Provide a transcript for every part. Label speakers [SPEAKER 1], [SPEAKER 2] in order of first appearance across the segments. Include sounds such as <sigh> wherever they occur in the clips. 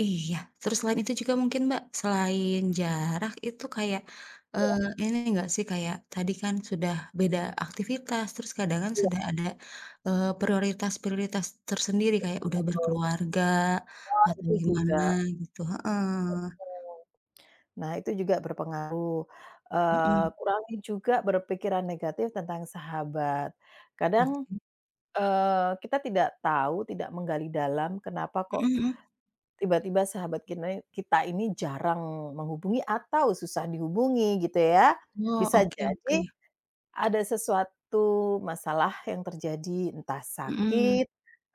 [SPEAKER 1] Iya. Terus selain itu juga mungkin, Mbak, selain jarak, itu kayak,
[SPEAKER 2] Iya.
[SPEAKER 1] eee, ini enggak sih, kayak tadi kan sudah beda aktivitas, terus kadang kan
[SPEAKER 2] Iya.
[SPEAKER 1] sudah ada, eee, prioritas-prioritas tersendiri kayak udah
[SPEAKER 2] Betul.
[SPEAKER 1] berkeluarga
[SPEAKER 2] Oh,
[SPEAKER 1] atau
[SPEAKER 2] itu
[SPEAKER 1] gimana
[SPEAKER 2] juga.
[SPEAKER 1] gitu heeh.
[SPEAKER 2] Mhm. Nah itu juga berpengaruh. Eee,
[SPEAKER 1] Mhm.
[SPEAKER 2] kurangin juga berpikiran negatif tentang sahabat. Kadang,
[SPEAKER 1] Oke.
[SPEAKER 2] eee, kita tidak tahu, tidak menggali dalam kenapa kok
[SPEAKER 1] Mhm mhm.
[SPEAKER 2] tiba-tiba sahabat kinai kita ini jarang menghubungi atau susah dihubungi gitu ya.
[SPEAKER 1] Wah,
[SPEAKER 2] Bisa
[SPEAKER 1] oke
[SPEAKER 2] jadi
[SPEAKER 1] oke.
[SPEAKER 2] ada sesuatu masalah yang terjadi, entah
[SPEAKER 1] Mhm.
[SPEAKER 2] sakit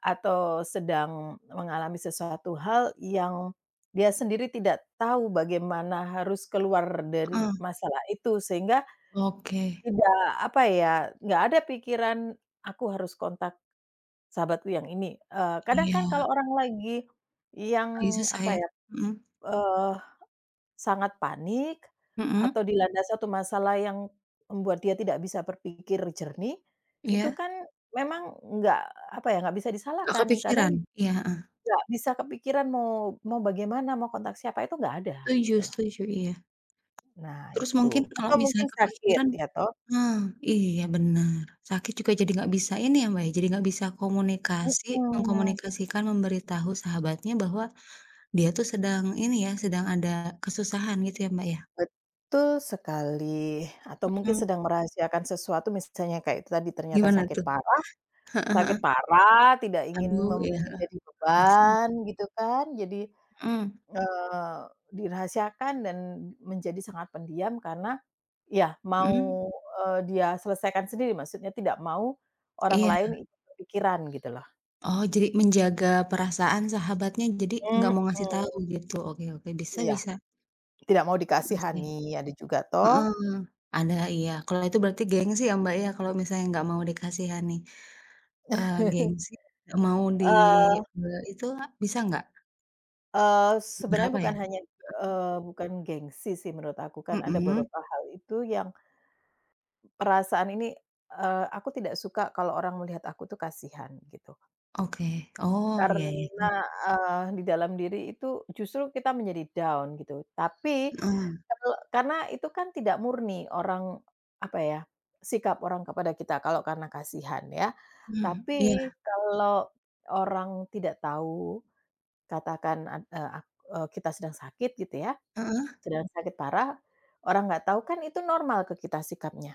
[SPEAKER 2] atau sedang mengalami sesuatu hal yang dia sendiri tidak tahu bagaimana harus keluar dari
[SPEAKER 1] Heeh.
[SPEAKER 2] masalah itu sehingga
[SPEAKER 1] Oke.
[SPEAKER 2] tidak, apa ya, enggak ada pikiran, "Aku harus kontak sahabatku yang ini." Eee, kadang kan
[SPEAKER 1] Iya.
[SPEAKER 2] kalau orang lagi
[SPEAKER 1] Lagi
[SPEAKER 2] yang,
[SPEAKER 1] susah
[SPEAKER 2] apa
[SPEAKER 1] ya?
[SPEAKER 2] ya,
[SPEAKER 1] Mhm.
[SPEAKER 2] eh, sangat panik
[SPEAKER 1] Mhm.
[SPEAKER 2] atau dilanda suatu masalah yang membuat dia tidak bisa berpikir jernih, itu
[SPEAKER 1] Iya.
[SPEAKER 2] kan memang enggak, apa ya, enggak bisa
[SPEAKER 1] Enggak
[SPEAKER 2] disalahkan, kadang
[SPEAKER 1] kepikiran? Iya, Heeh.
[SPEAKER 2] enggak bisa kepikiran mau mau bagaimana, mau kontak siapa, itu enggak ada,
[SPEAKER 1] Setuju
[SPEAKER 2] gitu loh.
[SPEAKER 1] setuju. Iya.
[SPEAKER 2] Nah
[SPEAKER 1] Terus
[SPEAKER 2] itu
[SPEAKER 1] mungkin kalau
[SPEAKER 2] atau
[SPEAKER 1] misalnya
[SPEAKER 2] mungkin sakit,
[SPEAKER 1] kepikiran
[SPEAKER 2] iya toh?
[SPEAKER 1] ah, iya benar. Sakit juga jadi enggak bisa ini ya, Mbak, ya, jadi enggak bisa komunikasi,
[SPEAKER 2] Mhm.
[SPEAKER 1] mengkomunikasikan, memberi tahu sahabatnya bahwa dia tuh sedang ini ya, sedang ada kesusahan gitu ya, Mbak, ya?
[SPEAKER 2] Betul sekali atau mungkin
[SPEAKER 1] Mhm.
[SPEAKER 2] sedang merahasiakan sesuatu. Misalnya kayak tadi, ternyata
[SPEAKER 1] Gimana
[SPEAKER 2] sakit
[SPEAKER 1] tuh?
[SPEAKER 2] parah. Sakit
[SPEAKER 1] Heeh heeh.
[SPEAKER 2] parah tidak ingin
[SPEAKER 1] Aduh, iya.
[SPEAKER 2] membuat
[SPEAKER 1] Heeh.
[SPEAKER 2] jadi
[SPEAKER 1] Enggak sehat.
[SPEAKER 2] beban gitu kan, jadi,
[SPEAKER 1] Mhm.
[SPEAKER 2] eee, dirahasiakan dan menjadi sangat pendiam karena iya mau,
[SPEAKER 1] Mhm.
[SPEAKER 2] eee, dia selesaikan sendiri, maksudnya tidak mau orang
[SPEAKER 1] Iya.
[SPEAKER 2] lain ikut kepikiran, gitu loh.
[SPEAKER 1] Oh, jadi menjaga perasaan sahabatnya, jadi enggak
[SPEAKER 2] Mhm.
[SPEAKER 1] mau ngasih tahu gitu. Oke oke, bisa
[SPEAKER 2] Iya.
[SPEAKER 1] bisa.
[SPEAKER 2] Tidak mau
[SPEAKER 1] Mhm, sih.
[SPEAKER 2] dikasihani, ada juga
[SPEAKER 1] Heeh.
[SPEAKER 2] toh.
[SPEAKER 1] Ada iya, kalau itu berarti gengsi ya, Mbak, ya kalau misalnya enggak mau dikasihani? Eee, gengsi enggak
[SPEAKER 2] <chuckles>
[SPEAKER 1] mau di
[SPEAKER 2] Eee.
[SPEAKER 1] be itu a, bisa enggak?
[SPEAKER 2] Eee, sebenarnya
[SPEAKER 1] Berapa ya?
[SPEAKER 2] hanya, eee, bukan gengsi sih menurut aku, kan ada
[SPEAKER 1] Mhm.
[SPEAKER 2] beberapa hal itu yang perasaan ini, eee, "Aku tidak suka kalau orang melihat aku itu kasihan." Gitu.
[SPEAKER 1] Oke, oh, iya iya.
[SPEAKER 2] Karena,
[SPEAKER 1] Mmm.
[SPEAKER 2] eee, di dalam diri itu justru kita menjadi down gitu, tapi
[SPEAKER 1] Heeh.
[SPEAKER 2] perlu karena itu kan tidak murni orang, apa ya, sikap orang kepada kita kalau karena kasihan ya,
[SPEAKER 1] Mhm.
[SPEAKER 2] tapi
[SPEAKER 1] iya.
[SPEAKER 2] kalau orang tidak tahu, katakan ad eee, ak eee, kita sedang sakit gitu ya,
[SPEAKER 1] Heeh.
[SPEAKER 2] sedang sakit parah, orang enggak tahu kan itu normal ke kita sikapnya.